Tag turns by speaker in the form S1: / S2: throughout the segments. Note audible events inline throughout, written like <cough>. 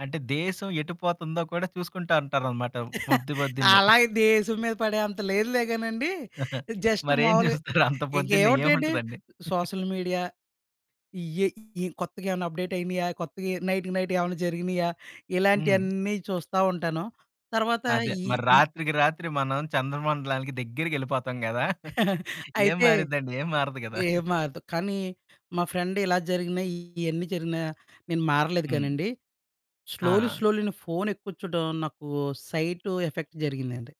S1: అంటే, దేశం ఎటు పోతందో కూడా చూసుకుంటా అంటారనమాట
S2: <chuckles>
S1: పొద్దు పొద్దున్నే. <giggles>
S2: అలాగే దేశం మీద పడే అంత లేదులేగానండీ. జస్ట్
S1: మరేం
S2: మావులుగా
S1: జూస్తారు అంత పొద్దున్నే,
S2: ఇంకేవుంటయండి,
S1: ఏముంటదండి?
S2: సోషల్ మీడియా ఇయ్యే. ఈ కొత్తగేవన్న అప్‌డేటయినియా, కొత్తగా నైట్‌కి నైట్ ఏమన్నా జరిగినియా,
S1: హ్మ్.
S2: ఇలాంటియెన్నీ చూస్తా ఉంటాను. తర్వాత
S1: అదే
S2: ఈ
S1: మరి
S2: ఈ
S1: రాత్రికి రాత్రి మనం చంద్రమండలానికి దెగ్గిరిగెళ్ళిపోతాం గదా! <giggles>
S2: <chuckles>
S1: ఏం
S2: అయితే,
S1: మారిద్దండి, ఏం మారదు గదా!
S2: ఏం
S1: <giggles>
S2: మారదు, కానీ మా ఫ్రెండిలా జరిగినయీ, ఇయన్నీ జరిగినా, నేను మారలేదు
S1: హ్మ్.
S2: గానండి. స్లోలీ,
S1: ఆ!
S2: స్లోలీ నే ఫోనెక్కువ చూడ్డం నాకు సైటు ఎఫెక్ట్ జరిగిందండి.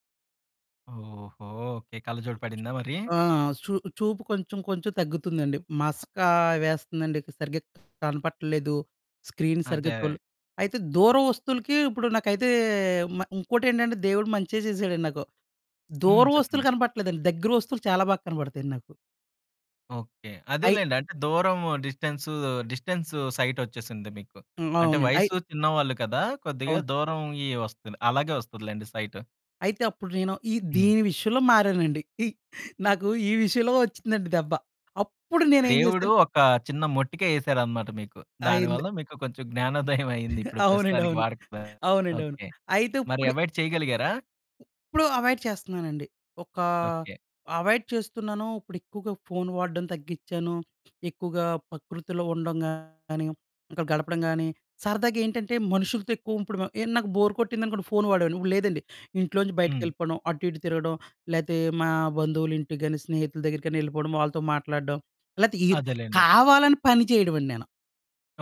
S1: ఓహో! ఓకే. కళ్ళజోడు పడిందా మరి?
S2: ఆ! చూ చూపు కొంచుం కొంచుం తగ్గుతుందండి. మసకా వేస్తందండిక సరిగ్గా కనపడటల్లేదు. స్క్రీన్ సరిగ్గా
S1: అదే.
S2: చూడలే అయితే దూర వస్తువులకీ ఇప్పుడు నాకైతే మ ఇంకోటేంటంటే, దేవుడు మంచే జేసాడండి నాకు.
S1: హ్మ్.
S2: దూర వస్తువులు
S1: చెప్పండి.
S2: కనపడట్లేదండి, దగ్గర వస్తువులు చాలా బాగా కనపడతాయండి నాకు.
S1: ఓకే.
S2: అయి
S1: అదేలెండి. అంటే, దూరము, డిస్టెన్సూ, డిస్టెన్సు సైటొచ్చేసింది మీకు.
S2: హ్మ్.
S1: అంటే,
S2: అవునండి. అయి
S1: వయసు చిన్నవాళ్ళు కదా! కొద్దిగా
S2: అవును.
S1: దూరవుయ్యీ వస్తంది. అలాగే వస్తదిలేండి సైటు.
S2: అయితే అప్పుడు నేను, ఈ
S1: హ్మ్.
S2: దీని విషయంలో మారానండి. ఇ నాకు ఈ విషయంలో ఒచ్చిందండి దెబ్బ. అప్పుడు నేనేం
S1: దేవుడు
S2: జేసాను.
S1: ఒకా చిన్న మొట్టికాయేసారనమాట మీకు. దాని
S2: అయింది.
S1: వల్ల మీకు కొంచెం జ్ఞానోదయవయింది ఇప్పుడు
S2: అవునండి.
S1: ప్రస్తుతానికి
S2: అవును.
S1: వాడకపోయారు.
S2: అవునండి. అవును.
S1: ఓకే.
S2: అయితే
S1: మరి
S2: ఉప్పుడు
S1: అవాయిడ్ చెయగలిగారా?
S2: ఉప్పుడు అవాయిడ్ చేస్తన్నానండి. ఒకా
S1: ఓకే.
S2: అవాయిడ్ చేస్తున్నాను, ఇప్పుడెక్కువగా ఫోను వాడ్డం తగ్గిచ్చాను. ఎక్కువగా పకృతిలో ఉండడం గానీ, ఇంకా గడపడం గానీ, సరదాగేంటంటే, మనుషులతో ఎక్కువ ఉప్పుడు మ ఏ నాకు బోరు కొట్టిందనుకోండి ఫోను వాడేవోడిని, ఇప్పుడు లేదండి. ఇంట్లోంచి
S1: హ్మ్.
S2: బయటికెళ్ళిపోడం, అటు ఇటు తిరగడం, లేతే మా బంధువులింటికి గానీ, స్నేహితుల దెగ్గిరకన్నా యెళ్ళిపోడం, వాళ్ళతో మాట్లాడడం, లేతే ఈర్
S1: అదేలేండి.
S2: కావాలని పని చెయడవండి నేను.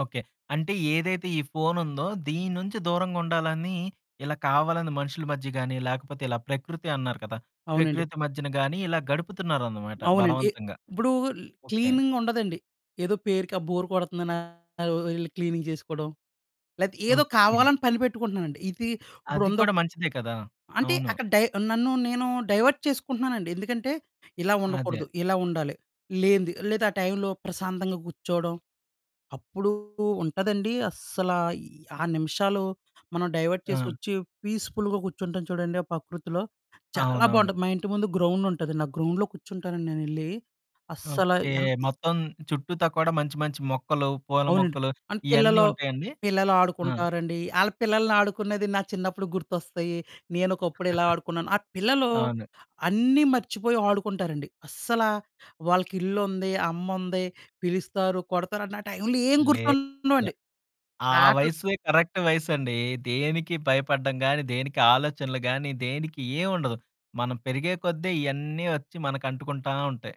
S1: ఓకే. అంటే, ఏదైతే ఈ ఫోనుందో, దీని నుంచి దూరంగుండాలనీ ఇలా కావాలని మనుషులు మధ్య గానీ, లేకపోతే ఇలా ప్రకృతి అన్నారు కదా!
S2: అవునండి.
S1: ప్రకృతి మధ్యన గానీ, ఇలా గడుపుతున్నారనమాట
S2: అవునండి. ఎ
S1: బలవంతంగా.
S2: ఇప్పుడూ ల్
S1: ఓకే.
S2: క్లీనింగుండదండి. ఏదో పేరుకి ఆ బోర్ కొడతందనా అవోవో యెళ్ళి క్లీనింగ్ చేసుకోడం, లేతే ఏదో
S1: ఓకే.
S2: కావాలని పని పెట్టుకుంటన్నానండి. ఇది
S1: అది
S2: ఇప్పుడుందొక
S1: కూడా మంచిదే కదా!
S2: అంటే,
S1: అవును.
S2: అక్కడ డై నన్ను, నేనూ డైవర్ట్ చేసుకుంటన్నానండి. ఎందుకంటే, ఇలా
S1: అదే.
S2: ఉండకూడదు, ఇలా ఉండాలి, లేనిది లేదా ఆ టైంలో ప్రశాంతంగా కూర్చోడం. అప్పుడూ ఉంటదండీ అస్సలా, ఈ ఆ నిమిషాలు మనం డైవర్ట్
S1: ఆ!
S2: చేసొచ్చీ పీస్‌ఫుల్‌గా కూర్చుంటాం చూడండి ఆ పకృతిలో, చాలా
S1: అవునవును.
S2: బావుంటది. మా ఇంటి ముందు గ్రౌండుంటదండి, ఆ గ్రౌండ్‌లో కూర్చుంటానండి నేనెళ్ళీ. అస్సల
S1: ఓకే.
S2: ఎంతి
S1: మొత్తం చుట్టూతా కూడా మంచి మంచి మొక్కలు, పూల
S2: అవునండి.
S1: మొక్కలు
S2: అన్
S1: ఇయన్నీ
S2: పిల్లలు.
S1: ఉంటాయండి?
S2: పిల్లలు
S1: ఆ!
S2: ఆడుకుంటారండి. ఆళ్ళ పిల్లలనాడుకునేది నా చిన్నప్పుడు గుర్తొస్తయీ, నేనొకప్పుడిలా ఆడుకున్నాను. ఆ
S1: <chuckles>
S2: పిల్లలూ
S1: అవును.
S2: అన్నీ మర్చిపోయి ఆడుకుంటారండి. అస్సలా వాళ్ళకిల్లుంది, అమ్ముంది, పిలుస్తారు, కొడతారండి. ఆ టైంలో ఏం
S1: లేదుగ.
S2: గుర్తుండవండి.
S1: ఆ
S2: ఆటలు
S1: వయస్సుయే కరక్ట్ వయసండీ. దేనికి భయపడడం గానీ, దేనికి ఆలోచనలు గానీ, దేనికి ఏవుండదు. మనం పెరిగే కొద్దే ఇయన్నీ ఒచ్చి మనకంటుకుంటా ఉంటాయి.